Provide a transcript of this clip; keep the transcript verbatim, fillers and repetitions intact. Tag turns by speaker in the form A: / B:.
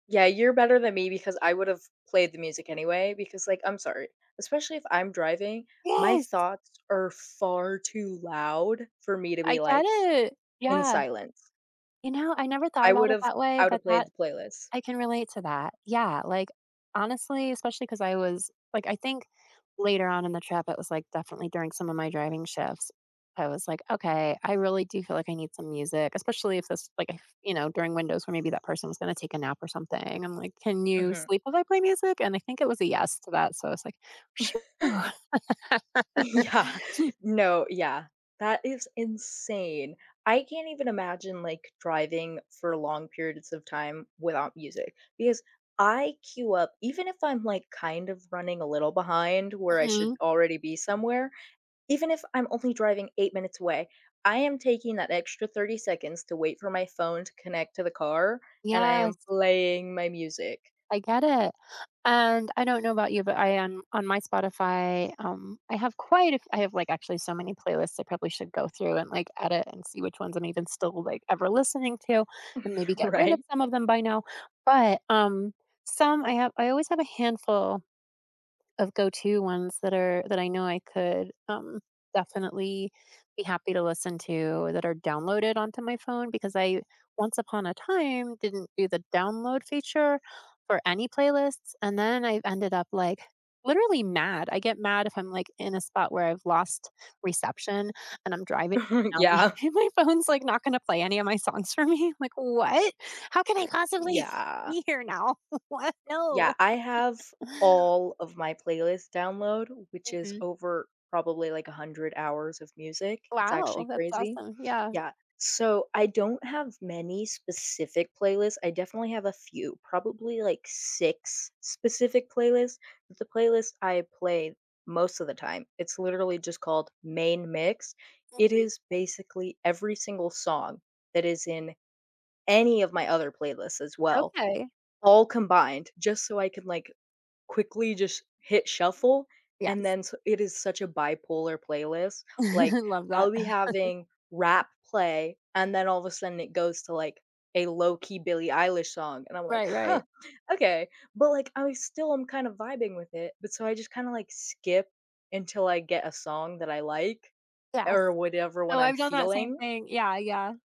A: Yeah, you're better than me because I would've played the music anyway, because, like, I'm sorry, especially if I'm driving, my
B: Yes.
A: thoughts are far too loud for me to
B: I
A: be,
B: get
A: like,
B: it.
A: in
B: Yeah.
A: silence.
B: You know, I never thought
A: I
B: about it
A: would've
B: that way,
A: I
B: but
A: would've played
B: that
A: the playlist.
B: I can relate to that. Yeah, like, honestly especially 'cause I was like, I think later on in the trip, it was, like, definitely during some of my driving shifts, I was like, "Okay, I really do feel like I need some music," especially if this, like, if you know, during windows where maybe that person was gonna take a nap or something, I'm like, "Can you
A: Mhm.
B: sleep while I play music?" And I think it was a "yes" to that, so, I was like, "Shew!"
A: Yeah. No, yeah. That is insane. I can't even imagine, like, driving for long periods of time without music because I queue up even if I'm, like, kind of running a little behind where I should
B: Mhm.
A: already be somewhere, even if I'm only driving eight minutes away, I am taking that extra thirty seconds to wait for my phone to connect to the car, and I
B: Yes.
A: am playing my music.
B: I get it. And I don't know about you, but I am on my Spotify, um, I have quite a f I have, like, actually so many playlists I probably should go through and, like, edit and see which ones I'm even still, like, ever listening to, and maybe get rid of
A: Right?
B: some of them by now, but, um, some I have I always have a handful of go-to ones that are that I know I could, um, definitely be happy to listen to, that are downloaded onto my phone because I, once upon a time, didn't do the download feature for any playlists, and then, I'd ended up, like, literally mad. I get mad if I'm, like, in a spot where I've lost reception and I'm driving, and now me
A: Yeah.
B: and my phone's, like, not gonna play any of my songs for me, like, "What? How can I possibly
A: Yeah.
B: be here now? What? No."
A: Yeah, I have all of my playlists download, which is
B: Mhm.
A: over, probably, like, a hundred hours of music, it's
B: Wow,
A: actually
B: that's
A: crazy.
B: awesome. Yeah.
A: Yeah, so, I don't have many specific playlists, I definitely have a few, probably, like, six specific playlists, but the playlist I play most of the time, it's literally just called Main Mix- it
B: Mhm.
A: is basically every single song that is in any of my other playlists as well,
B: Okay.
A: all combined, just so I can, like, quickly just hit shuffle, and
B: Yes.
A: then su it is such a bipolar playlist, like,
B: Love
A: I'll
B: that.
A: be having rap play, and then all of a sudden it goes to, like, a low-key Billie Eilish song, and I'm like,
B: Right,
A: "Huh,
B: right.
A: okay," but, like, I still am kind of vibing with it, but so I just kinda, like, skip until I get a song that I like
B: Yes.
A: or whatever when
B: Oh,
A: I'm
B: I've done that same
A: feeling.
B: thing. Yeah. Yeah